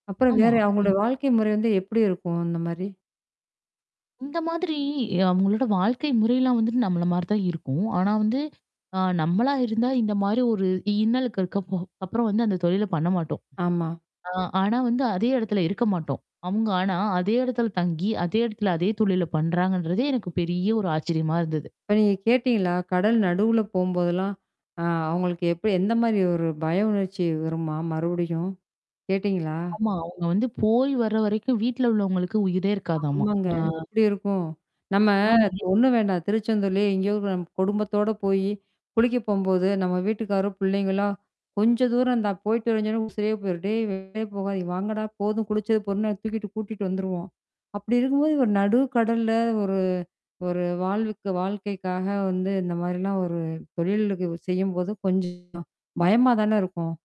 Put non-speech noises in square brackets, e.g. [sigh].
அப்புறம் ஆமா. வேற, ம். அவங்களடய வாழ்க்கை முறை வந்து எப்படி இருக்கும் அந்த மாரி? இந்த மாதிரி அவங்களோட வாழ்க்கை முறைல்லாம் வந்துட்டு நம்மள மாரி தான் இருக்கும். ஆனா வந்து ஆ நம்மளா இருந்தா இந்த மாரி ஒரு இன்னலுக்கு இருக்க அப்புறம் வந்து, அந்த தொழில பண்ண மாட்டோம். ஆமா. ஆ ஆனா வந்து அதே இடத்துல இருக்க மாட்டோம். அவுங்க ஆனா, அதே இடத்துல தங்கி, அதே இடத்துல அதே தொழில பண்றாங்கன்றதே எனக்கு பெரிய ஒரு ஆச்சரியமா இருந்தது. இப்ப நீங்க கேட்டீங்களா? கடல் நடுவுல போம்போதெல்லாம். ஆ அவங்களுக்கு எப்படி, எந்த மாரி ஒரு பய உணர்ச்சி வருமா மறுபடியும், கேட்டீங்களா? ஆமா. அவங்க வந்து போய் வர வரைக்கும் வீட்ல உள்ளவங்களுக்கு உயிரே இருக்காதமா. ஆமாங்க. ஆ. எப்படி இருக்கும். நம்ம ஆமா. எப் ஒண்ணு வேண்டாம் திருச்செந்தூர்லயே எங்கேயாவது [unintelligible] நம்ம குடும்பத்தோட போயி குளிக்க போம்போது நம்ம வீட்டுக்காரோ பிள்ளைங்களா, கொஞ்ச தூரம்ந்தான் போய்ட்டு வரஞ்சோன்னாலே, உசிரே போயிரு டே வெளே போகாத, வாங்கடா போதும் குளிச்சது பொதுன்னு தூக்கிட்டு கூட்டிட்டு வந்துருவோம். அப்படி இருக்கும்போது ஒரு நடு கடல்ல ஒரு ஒரு வாழ்வுக்கு வாழ்க்கைக்காக வந்து இந்த மாரிலாம் ஒரு தொழிலிக்கு செய்யும்போது கொஞ்சம் பயமா தானே இருக்கும்.